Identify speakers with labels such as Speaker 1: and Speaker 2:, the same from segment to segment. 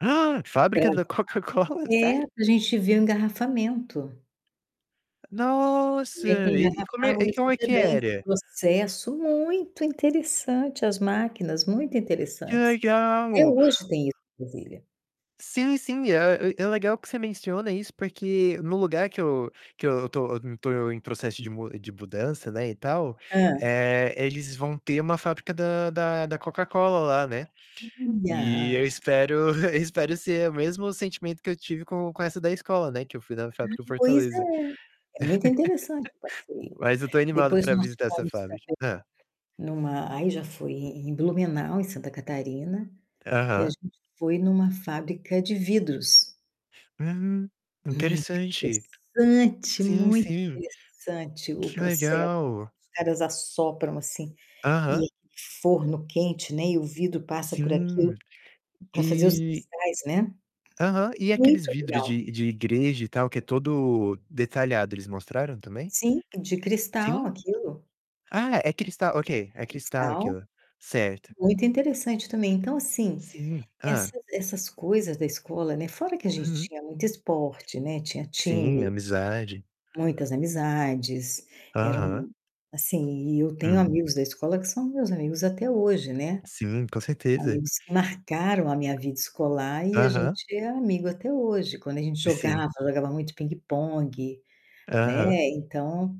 Speaker 1: Ah, Fábrica
Speaker 2: [unintelligible]
Speaker 1: da Coca-Cola,
Speaker 2: ,é,
Speaker 1: sério?
Speaker 2: a gente vê o engarrafamento. Como
Speaker 1: Nossa,
Speaker 2: é que
Speaker 1: e e como é
Speaker 2: engarrafava o
Speaker 1: e como é que
Speaker 2: refrigerante, o
Speaker 1: era?
Speaker 2: processo muito interessante, as máquinas muito
Speaker 1: Que
Speaker 2: interessantes. Até
Speaker 1: legal.
Speaker 2: hoje tem isso em Brasília.
Speaker 1: Sim sim, é é legal que você menciona isso porque no lugar que eu que eu estou estou em processo de de mudança, não é, e tal,
Speaker 2: Hã.
Speaker 1: eh, eles vão ter uma fábrica da da da Coca-Cola lá, né, e eu
Speaker 2: [unintelligible]
Speaker 1: espero eu espero ser o mesmo sentimento que eu tive com com essa da escola, não é, que eu fui da fábrica
Speaker 2: [unintelligible] pois
Speaker 1: Fortaleza.
Speaker 2: é. É muito interessante o passeio.
Speaker 1: Mas eu estou animado
Speaker 2: Depois
Speaker 1: para
Speaker 2: nós
Speaker 1: visitar essa
Speaker 2: fomos
Speaker 1: fábrica
Speaker 2: também
Speaker 1: hã.
Speaker 2: em uma aí já foi em Blumenau, em Santa Catarina, que a
Speaker 1: Aham.
Speaker 2: gente foi em uma fábrica de vidros.
Speaker 1: Hum,
Speaker 2: Muito
Speaker 1: interessante
Speaker 2: interessante,
Speaker 1: sim
Speaker 2: muito
Speaker 1: sim
Speaker 2: interessante o
Speaker 1: que
Speaker 2: processo.
Speaker 1: legal.
Speaker 2: Os caras assopram assim
Speaker 1: Aham.
Speaker 2: e forno quente, né, e o vidro passa por aquilo
Speaker 1: Sim,
Speaker 2: para fazer os
Speaker 1: e
Speaker 2: cristais, né.
Speaker 1: Aham, e aqueles
Speaker 2: Muito
Speaker 1: vidros
Speaker 2: legal.
Speaker 1: de de igreja e tal, que é todo detalhado, eles mostraram também?
Speaker 2: Sim, de cristal
Speaker 1: Sim?
Speaker 2: aquilo.
Speaker 1: Ah, é cristal ok
Speaker 2: É,
Speaker 1: é cristal
Speaker 2: cristal
Speaker 1: aquilo, certo.
Speaker 2: muito interessante, também. Então, assim,
Speaker 1: Sim,
Speaker 2: essa
Speaker 1: hã.
Speaker 2: essas coisas da escola, né, fora que a gente
Speaker 1: Uhum.
Speaker 2: tinha muito esporte, né, tinha
Speaker 1: Sim,
Speaker 2: time.
Speaker 1: amizade.
Speaker 2: Muitas amizades
Speaker 1: Aham.
Speaker 2: eram, assim, e eu tenho
Speaker 1: Hum.
Speaker 2: amigos da escola que são meus amigos até hoje, né,
Speaker 1: Sim, com certeza.
Speaker 2: amigos que marcaram a minha vida escolar e a
Speaker 1: Aham.
Speaker 2: gente é amigo até hoje. Quando a gente
Speaker 1: Sim.
Speaker 2: jogava jogava muito pingue-pongue, né,
Speaker 1: Aham.
Speaker 2: então,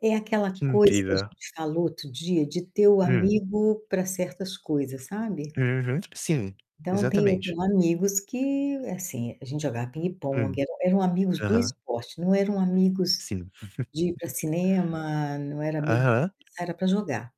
Speaker 2: é aquela
Speaker 1: Que
Speaker 2: coisa que a
Speaker 1: incrível.
Speaker 2: gente falou outro dia de ter o
Speaker 1: Hum.
Speaker 2: amigo para certas coisas, sabe.
Speaker 1: Uhum. Sim,
Speaker 2: Então tem eu
Speaker 1: exatamente.
Speaker 2: tenho amigos que, assim, a gente jogava
Speaker 1: Hum,
Speaker 2: pingue-pongue, eram amigos do
Speaker 1: aham.
Speaker 2: esporte, não eram amigos
Speaker 1: Sim.
Speaker 2: de ir pra cinema, não era amigo [unintelligible]
Speaker 1: Aham.
Speaker 2: era para jogar.